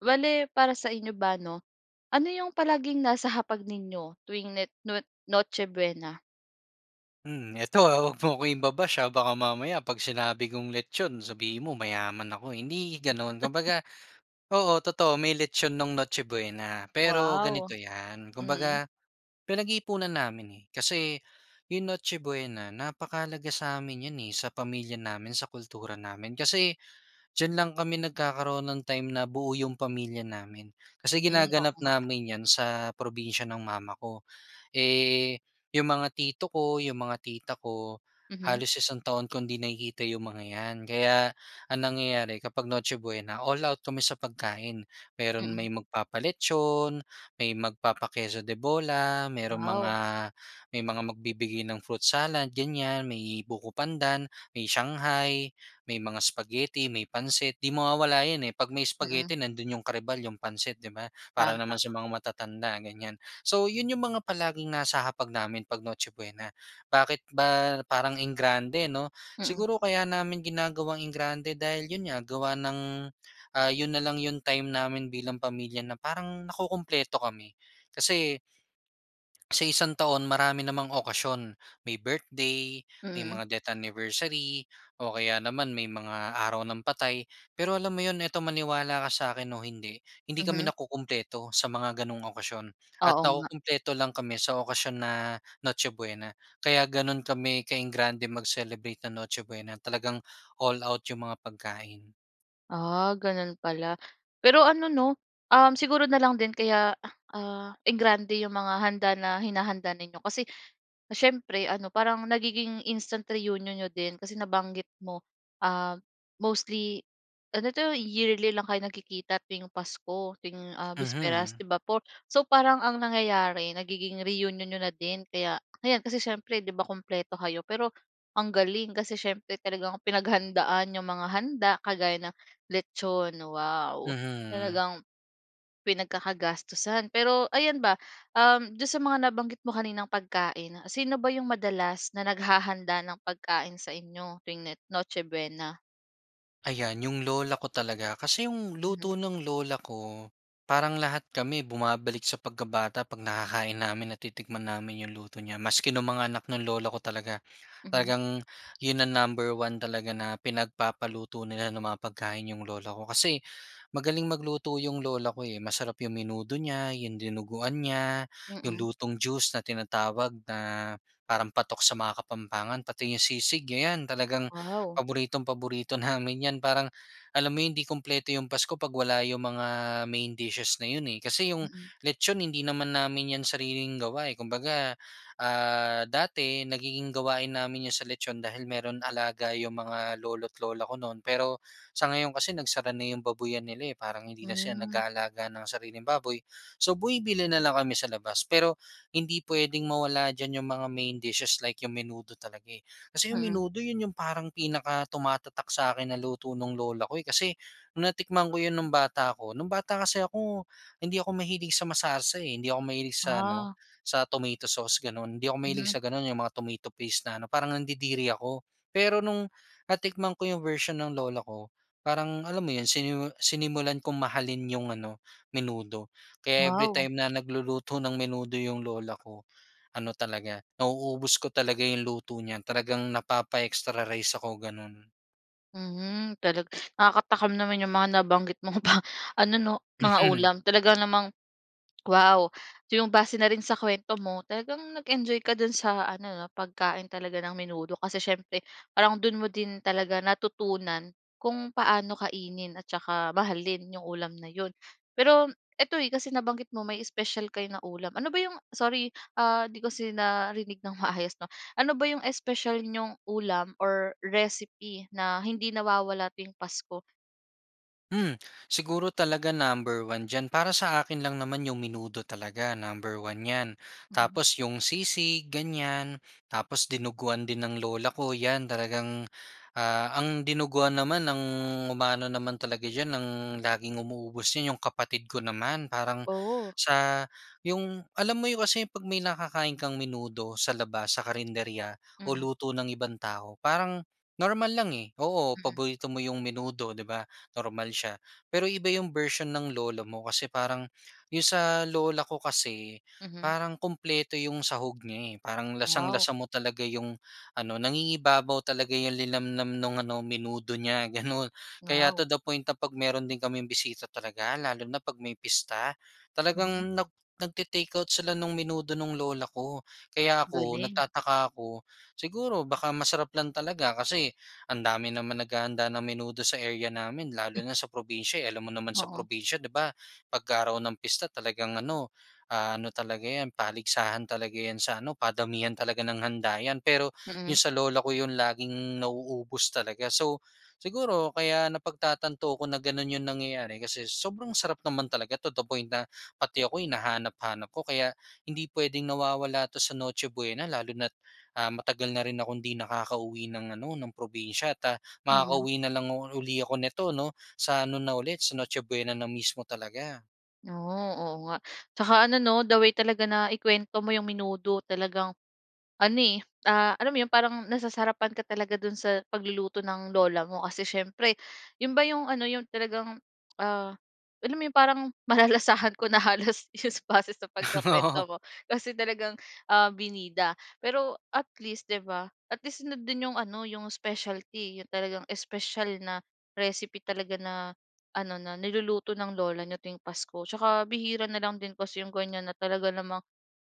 Bale, para sa inyo ba, 'no? Ano 'yong palaging nasa hapag ninyo tuwing net nwot Noche Buena? Hmm, eto, ah, huwag mo akong iba-bash, ha? Baka mamaya 'pag sinabi kong lechon sabihin mo mayaman ako, eh. Hindi gano'n, kumbaga, oo, totoo, may lechon no'ng Noche Buena, pero Wow. ganito 'yan, Mm. kumbaga, pinag-iipunan namin, eh. Kasi 'yong Noche Buena napakahalaga sa'min 'yan, eh, sa pamilya namin, sa kultura namin. Kasi diyan lang kami nagkakaroon ng time na buo 'yong pamilya namin. Kasi Hmm. Oo ginaganap nga. namin 'yan sa probinsiya ng mama ko. Eh, 'yong mga tito ko, 'yong mga tita ko, Mhm. halos isang taon kong hindi nakikita 'yong mga 'yan. Kaya ang nangyayari kapag Noche Buena, all out kami sa pagkain. Meron Mm. may magpapa-lechon may magpapa-queso de bola, merong mga Wow. may mga magbibigay ng fruit salad ganyan, may buko pandan, may shanghai, may mga spaghetti, may pansit. 'Di mawawala 'yon, eh, 'pag may Mm. spaghetti nandun 'yong karibal yung pansit, 'di ba? Para Tama. naman sa mga matatanda, ganyan. So. 'yon 'yong mga palaging nasa hapag namin pag Noche Buena. Bakit ba parang engrande, 'no? Mm. Siguro kaya namin ginagawang engrande dahil 'yon nga, gawa ng, ah, 'yon na lang 'yong time namin bilang pamilya na parang nakukumpleto kami. Kasi sa isang taon marami namang okasyon. May birthday, may Mm. mga death anniversary, o kaya naman may mga araw ng patay. Pero alam mo 'yon, ito maniwala ka sa'kin o hindi, hindi Mhm. kami nakukumpleto sa mga gano'ng okasyon at Oo nga. nakukumpleto lang kami sa okasyon na Noche Buena. Kaya ganun kami ka-enggrande mag-celebrate nang Noche Buena. Talagang all out yung mga pagkain. Ah, gano'n pala. Pero ano 'no, uhm siguro na lang din kaya, ah enggrande yung mga handa na hinahanda ninyo kasi, siyempre ano parang nagiging instant reunion niyo din kasi nabanggit mo, uhm, mostly ano 'to, yearly lang kayo nagkikita tuwing Pasko, tuwing, ah, bisperas, Mhm. 'di ba po? So, parang ang nangyayari, nagiging reunion niyo na din. Kaya ayan, kasi siyempre 'di ba, kumpleto kayo? Pero ang galing, kasi siyempre talagang pinaghandaan yung mga handa kagaya ng litson, wow! Mhm. Talagang pinagkakagastusan. Pero ayan ba, uhm, do'n sa mga nabanggit mo kaninang pagkain, sino ba yung madalas na naghahanda ng pagkain sa inyo tuwing ne Noche Buena? Ayan, yung lola ko talaga, kasi yung Mhm. luto ng lola ko, parang lahat kami bumabalik sa pagkabata 'pag nakakain namin, natitikman namin yung luto niya. Maski nung mga anak ng lolo ko talaga. Mhm. Talagang 'yon ang number 1 talaga na pinagpapaluto nila ng mga pagkain yung lola ko kasi, magaling magluto 'yung lola ko, eh. Masarap yung menudo niya, yung dinuguan niya, yung Mm. lutong juice na tinatawag na parang patok sa mga Kapampangan, pati yung sisig. Ayan, talagang Wow. paboritong paborito namin 'yan. Parang, alam mo hindi kumpleto yung pasko 'pag wala yung mga main dishes na 'yon, eh, kasi yung Mm. litson hindi naman namin 'yan sariling gawa, eh. Kumbaga, ah, dati nagiging gawain namin yung sa litson dahil mayro'n alaga yung mga lolo't lola ko no'n, pero sa ngayon kasi nagsara na yung babuyan nila, eh. Parang hindi na sila Hmm. nag-aalaga ng sariling baboy so, bumibili na lang kami sa labas. Pero, hindi puwedeng mawala diyan yung mga main dishes like yung menudo talaga, eh. Kasi yung Mm. menudo, 'yon yung parang pinakatumatatak sa 'kin na luto ng lola ko, eh. Kasi nung natikman ko 'yon nung bata ko, nung bata kasi ako, hindi ako mahilig sa masarsa, eh. Hindi ako mahilig sa ano Ah. sa tomato sauce, gano'n. Hindi ako mahilig Mhm. sa gano'n, yung mga tomato paste na ano, parang nandidiri ako. Pero nung natikman ko yung version ng lola ko, parang alam mo 'yon, sinimu sinimulan kong mahalin yung ano menudo. Kaya every Wow. time na nagluluto ng menudo yung lola ko, ano talaga, nauubos ko talaga yung luto niya. Talagang napapa-extra rice ako, gano'n. Mhm, talag nakakatakam naman yung mga nabanggit mo pa ano, 'no, mga Mhm. ulam talaga namang, wow! Yung base na rin sa kwento mo talagang nag-enjoy ka dun sa ano, 'no, pagkain talaga ng menudo. Kasi siyempre parang dun mo din talaga natutunan kung paano kainin at tsaka mahalin yung ulam na yun. Pero ito, eh, kasi nabanggit mo may special kayo na ulam ano ba yung sorry, ah, 'di ko kasi narinig ng maayos, 'no, ano ba yung special niyong ulam or recipe na hindi nawawala tuwing pasko? Hmm, siguro talaga number one diyan para sa akin lang naman yung menudo talaga number one 'yan. Mhm. Tapos yung sisig ganyan, tapos dinuguan din ng lola ko 'yan talagang, ah, ang dinuguan naman ang umaano naman talaga diyan ang laging umuubos 'yan yung kapatid ko naman. Parang Oh. sa yung alam mo yung kasi 'pag may nakakain kang menudo sa labas sa karenderya o Mm. luto ng ibang tao parang normal lang, eh. Oo, Mm. paborito mo yung menudo, di ba, normal siya. Pero iba yung version ng lola mo. Kasi parang yung sa lola ko kasi, Mhm. parang kumpleto yung sahog niya, eh. Parang Wow. lasang-lasa mo talaga yung ano, nangingibabaw talaga yung linamnam nung ano menudo niya gano'n. Kaya to Wow. the point na 'pag meron din kaming bisita talaga lalo na 'pag may pista, Mhm. talagang nag nagte-take-out sila nung menudo nung lola ko. Kaya ako Galing. nagtataka ako, siguro baka masarap lang talaga kasi ang dami naman naghahanda ng menudo sa area namin Eh. lalo na sa probinsiya, eh, alam mo naman sa Oo. probinsiya, di ba? 'Pag-araw ng pista talagang ano, ah, ano talaga 'yan paligsahan talaga 'yan sa ano, padamihan talaga ng handa 'yan. Pero yung Mm. sa lola ko yun laging nauubos talaga. So siguro kaya napagtatanto ko na gano'n yung nangyayari kasi sobrang sarap naman talaga to the point na pati ako hinahanap-hanap ko. Kaya, hindi puwedeng nawawala 'to sa Noche Buena lalo na't, ah, matagal na rin akong di nakakauwi ng ano ng probinsya ta Mm. makakauwi na lang u uli ako neto, 'no, sa ano na ulit sa Noche Buena na mismo talaga. Oh, oo nga. Tsaka, ano 'no, the way talaga na ikuwento mo yung menudo, talagang ano, eh, ah, alam mo yun parang nasasarapan ka talaga dun sa pagluluto ng Lola mo. Kasi, siyempre, yun ba yung ano yung talagang, ah, alam mo yung parang malalasahan ko na halos sa, base sa Oo. pagkukuwento mo. Kasi, talagang ah, binida. Pero, at least, 'di ba, at least nandun yung ano yung specialty, yung talagang special na recipe talaga na ano, na niluluto ng lola niyo tuwing pasko. Tsaka, bihira na lang din kasi yung ganyan na talaga namang,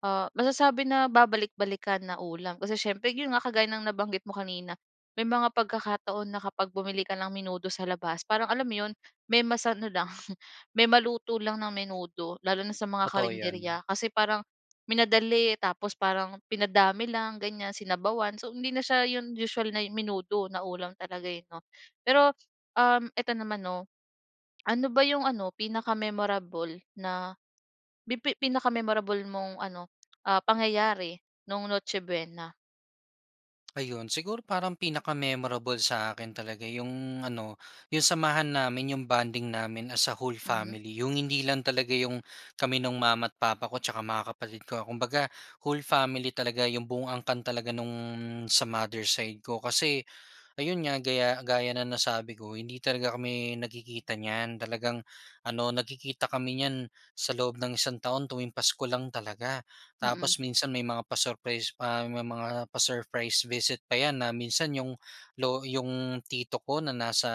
ah, masasabi na babalik-balikan na ulam. Kasi siyempre, yun nga kagaya ng nabanggit mo kanina, may mga pagkakataon na kapag bumili ka ng menudo sa labas, parang alam mo yun, may masa ano lang, may maluto lang na menudo. Lalo na sa mga Totoo 'yon. karinderya, kasi parang minadali. Tapos, parang pinadami lang ganyan, sinabawan. So, hindi na siya yung usual na menudo na ulam talaga, eh, 'no. Pero, um, eto naman 'no, ano ba yung ano, pinaka-memorable na pi pi pinaka-memorable mong ano, pangyayari no'ng Noche buena? Ayon, siguro parang pinaka-memorable sa akin talaga 'yong ano, 'yong samahan namin, 'yong bonding namin as a whole Mhm. family. 'Yong hindi lang talaga 'yong kami no'ng mama't papa ko at tsaka mga kapatid ko. Kumbaga whole family talaga 'yong buong angkan talaga no'ng sa mother side ko, kasi, ayon nga gaya, gaya ng nasabi ko hindi talaga kami nagkikita niyan. Talagang ano, nagkikita kami niyan sa loob ng isang taon tuwing pasko lang talaga. Mm. Tapos minsan may mga pa-surprise pa. May mga pa-surprise visit pa 'yan na minsan 'yong lo 'yong tito ko na nasa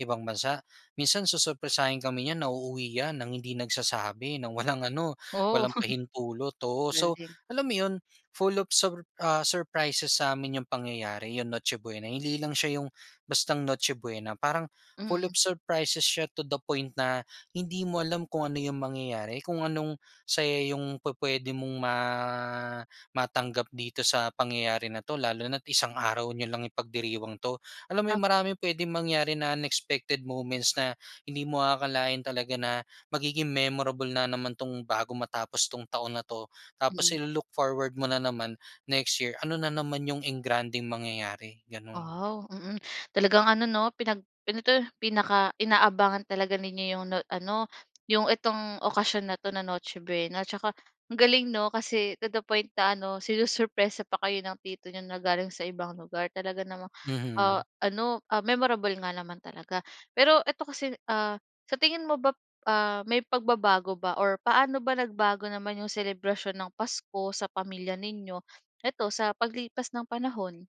ibang bansa, minsan susurpresahin kami 'yan na uuwi niyan nang hindi nagsasabi, ng walang ano, Oo. walang pahintulot, oo. So Galing. alam mo 'yon, full of sur ah, surprises sa'min 'yong pangyayari, 'yong Noche Buena. Hindi lang siya 'yong bastang Noche Buena, parang full Mm. of surprises siya to the point na hindi mo alam kung ano yung mangyayari, kung anong, saya 'yong pupuwede mong ma matanggap dito sa pangyayari na 'to lalo na't isang araw niyo lang ipagdiriwang 'to. Alam mo Ap yun, maraming pwedeng mangyari na unexpected moments na hindi mo aakalain talaga na magiging memorable na naman 'tong bago matapos 'tong taon na 'to. Tapos Mm. i-lo-look forward mo na naman next year ano na naman 'yong engrandeng mangyayari, gano'n. Wow, mm. Talagang ano 'no, pinag ano 'to? Pinaka inaabangan talaga ninyo 'yong no ano, 'yong itong okasyon na 'to na Noche Buena. 'Tsaka ang galing 'no? Kasi 'no, to the point na ano, sinusurpresa pa kayo ng tito niyo na galing sa ibang lugar. Talaga namang ah, Mhm. ano, ah, memorable nga naman talaga. Pero eto kasi, ah, sa tingin mo bap ah, may pagbabago ba or paano ba nagbago naman 'yong selebrasyon ng pasko sa pamilya ninyo, eto sa paglipas ng panahon?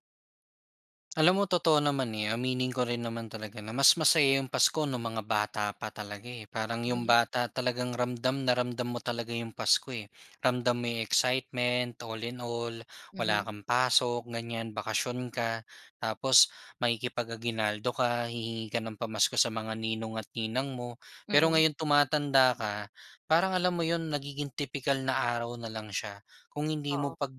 Alam mo totoo naman, eh. Aminin ko rin naman talaga na mas masaya 'yong Pasko no'ng mga bata pa talaga, eh. Parang 'yong Mm. bata talagang ramdam na ramdam mo talaga 'yong Pasko, eh. Ramdam mo 'yong excitement all in all wala Mhm. kang pasok ganyan bakasyon ka tapos makikipag-aguinaldo ka. Hihingi ka ng pamasko sa mga ninong at ninang mo. Pero Mm. ngayon tumatanda ka parang alam mo 'yon nagiging tipikal na araw na lang siya. Kung hindi mo Oo. pag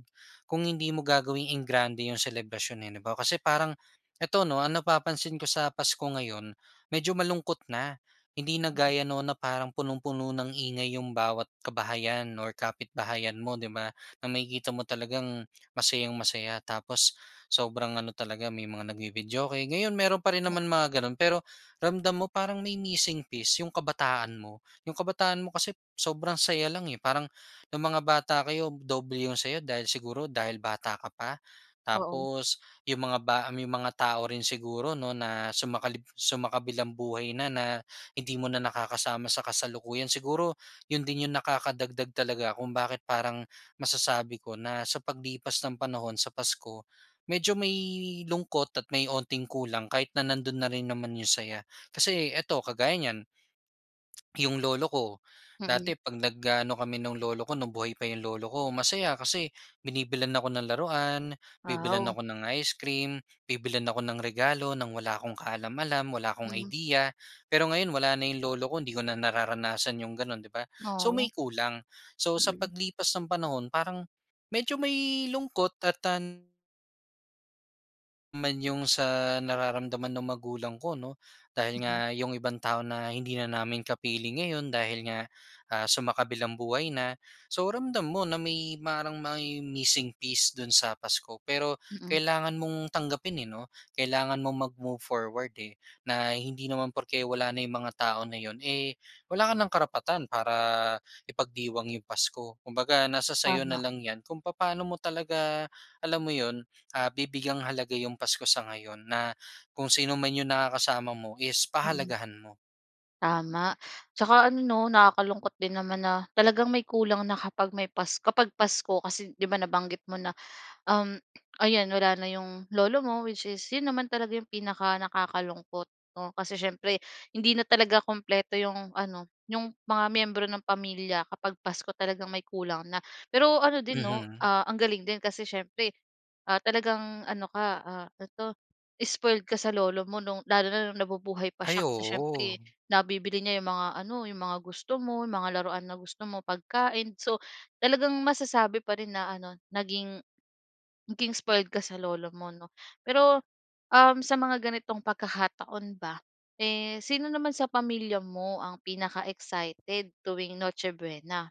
kung hindi mo gagawing engrande 'yong selebrasyon eh, 'di ba? Kasi parang eto 'no napapansin ko sa Pasko ngayon medyo malungkot na. Hindi na Mm. gaya noon na parang punong-puno ng ingay 'yong bawat kabahayan or kapitbahayan mo 'di ba? Na makikita mo talagang masayang-masaya tapos sobrang ano talaga may mga nagvi-videoke. Ngayon meron pa rin naman mga gano'n, pero ramdam mo parang may missing piece 'yong kabataan mo. 'Yong kabataan mo kasi sobrang saya lang eh. Parang no'ng mga bata kayo doble 'yong saya dahil siguro dahil bata ka pa. Oo. Tapos 'yong mga ba 'yong mga tao rin siguro 'no na sumakalib sumakabilang-buhay na na hindi mo na nakakasama sa kasalukuyan. Siguro 'yon din 'yong nakakadagdag talaga kung bakit parang masasabi ko na sa paglipas ng panahon sa Pasko, medyo may lungkot at may onting kulang kahit na nando'n na rin naman 'yong saya. Kasi eto kagaya niyan. 'Yong lolo ko Mm. dati 'pag nag-aano kami no'ng lolo ko no'ng buhay pa 'yong lolo ko masaya kasi binibilhan ako ng laruan. Bibilhan Aw. ako ng ice cream. Bibilhan ako ng regalo nang wala akong kaalam-alam. Wala akong Mhm. idea. Pero ngayon wala na 'yong lolo ko 'di ko na nararanasan 'yong gano'n 'di ba? So, may Oh. kulang, so sa Mm. paglipas ng panahon parang medyo may lungkot at tan Man 'yong sa nararamdaman ng magulang ko 'no, dahil Mm. nga 'yong ibang tao na hindi na namin kapiling ngayon dahil nga, ah, sumakabilang buhay na. So, ramdam mo na may parang may missing piece do'n sa Pasko. Pero Mm. kailangan mong tanggapin, eh 'no. Kailangan mong mag-move forward, eh, na hindi naman porke wala na yung mga tao na 'yon, eh, wala ka ng karapatan para ipagdiwang 'yong pasko. Kumbaga nasa sa'yo na Tama. lang 'yan kung papaano mo talaga, alam mo 'yon, ah, bibigyang halaga 'yong Pasko sa ngayon, na kung sino man 'yong nakakasama mo is Mm. pahalagahan mo. Tama. Tsaka ano 'no, nakakalungkot din naman na, talagang may kulang na kapag may pas kapag Pasko kasi, 'di ba, nabanggit mo na, um, ayan wala na 'yong lolo mo which is 'yon naman talaga 'yong pinakanakakalungkot 'no? Kasi siyempre hindi na talaga kumpleto, 'yong ano, 'yong mga miyembro ng pamilya kapag Pasko talagang may kulang na. Pero ano, din 'no, Mhm. ah, ang galing din kasi siyempre, ah, talagang ano ka, ah, ano 'to spoiled ka sa lolo mo no'ng lalo na nabubuhay pa Ay, siya kasi siyempre oo. nabibili niya, 'yong mga ano, 'yong mga gusto mo, 'yong mga laruan na gusto mo, pagkain. So talagang masasabi pa rin na ano, naging naging spoiled ka sa lolo mo 'no? Pero, um, sa mga ganitong pagkakataon ba, eh sino naman sa pamilya mo ang pinaka-excited tuwing Noche Buena?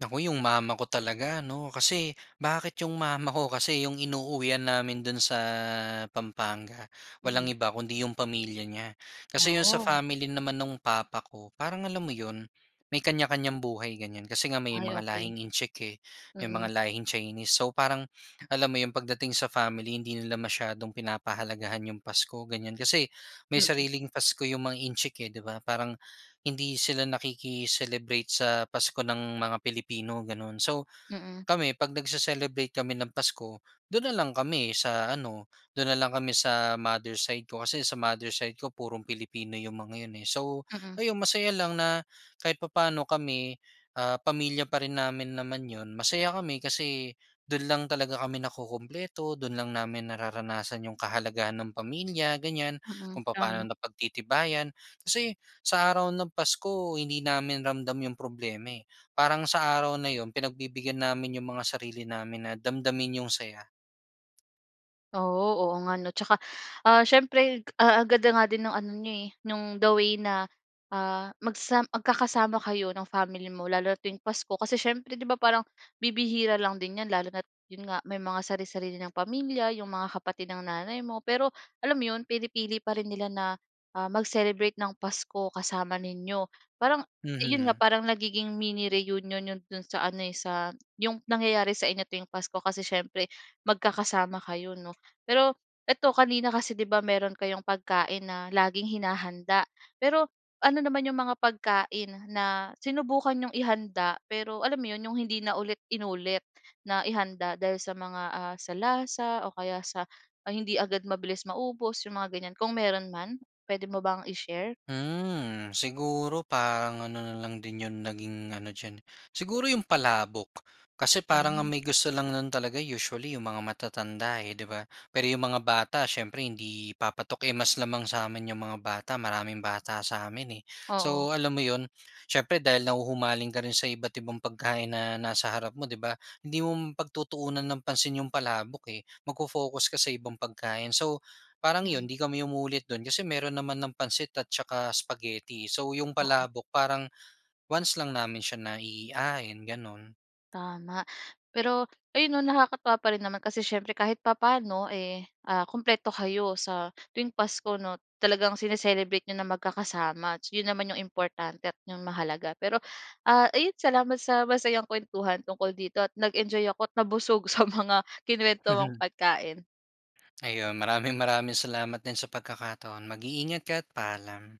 Naku, 'yong mama ko talaga 'no, kasi bakit 'yong mama ko kasi 'yong inuuwian namin do'n sa Pampanga, walang Mm. iba kundi 'yong pamilya niya. Kasi 'yong sa Oh. family naman no'ng papa ko, parang alam mo 'yon, may kanya-kanyang buhay ganyan. Kasi nga may Ay, mga okey. lahing Intsik, eh, may Mm. mga lahing Chinese. So parang alam mo 'yong pagdating sa family hindi nila masyadong pinapahalagahan 'yong Pasko ganyan. Kasi may Mm. sariling Pasko 'yong mga Intsik eh, 'di ba? Parang hindi sila nakiki-celebrate sa Pasko ng mga Pilipino, ganun. So Mm. kami pag nagse-celebrate kami ng Pasko do'n na lang kami sa ano, do'n na lang kami sa mother side ko. Kasi sa mother side ko purong Pilipino yung mga 'yon, eh. So Mm. ayon, masaya lang na kahit papaano kami, ah, pamilya pa rin namin naman 'yon. Masaya kami kasi do'n lang talaga kami nakukumpleto. Do'n lang namin nararanasan yung kahalagahan ng pamilya, ganyan. Mm. Kung papaano Tama. napagtitibayan. Kasi sa araw ng Pasko hindi namin ramdam yung problema, eh. Parang sa araw na 'yon pinagbibigyan namin 'yong mga sarili namin na damdamin yung saya. Oo, oo nga no, 'tsaka, ah, siyempre agad nga din 'yong ano niya, eh, 'yong the way na, ah, magsa magkakasama kayo ng family mo lalo na tuwing Pasko. Kasi siyempre, 'di ba, parang bibihira lang din 'yan, lalo na't 'yon nga may mga sari-sarili ng pamilya 'yong mga kapatid ng nanay mo, pero alam mo 'yon pinipili pa rin nila na, ah, mag-celebrate ng Pasko kasama ninyo. Parang 'yon nga Mhm. parang nagiging mini reunion 'yon do'n sa ano, eh, sa 'yong nangyayari sa inyo tuwing pasko kasi siyempre magkakasama kayo 'no. Pero, eto kanina kasi 'di ba meron kayong pagkain na laging hinahanda. Pero ano naman 'yong mga pagkain na sinubukan nyong ihanda pero alam mo 'yon 'yong hindi na ulit inulit na ihanda dahil sa mga, ah, sa lasa o kaya sa hindi agad mabilis maubos 'yong mga ganyan? Kung meron man puwede mo bang i-share? Mhm. Siguro parang ano na lang din 'yong naging ano diyan, siguro 'yong palabok. Kasi parang ang Mhm. may gusto lang no'n talaga usually 'yong mga matatanda, eh, 'di ba. Pero 'yong mga bata, siyempre hindi papatok yung mas lamang sa amin 'yong mga bata, maraming bata sa amin, eh. Oo. So alam mo 'yon siyempre dahil nahuhumaling ka rin sa iba't ibang pagkain na nasa harap mo, 'di ba, hindi mo pagtutuunan ng pansin 'yong palabok, eh, mag-fo-focus ka sa ibang pagkain. So parang Mm. 'yon hindi kami umuulit do'n kasi meron naman ng pansit at saka spaghetti. So 'yong Oo. palabok parang once lang namin siya naihain gano'n. Tama. Pero, ayon no nakakatawa pa rin naman kasi siyempre kahit papaano, eh, ah, kumpleto kayo sa tuwing Pasko no talagang sine-celebrate n'yo na magkakasama, yon naman ang importante at 'yong mahalaga. Pero, ah, ayon salamat sa masayang kuwentuhan tungkol dito at nag-enjoy ako at nabusog sa mga kinuwento mong pagkain. Ayun maraming maraming salamat din sa pagkakataon, mag-iingat ka at paalam.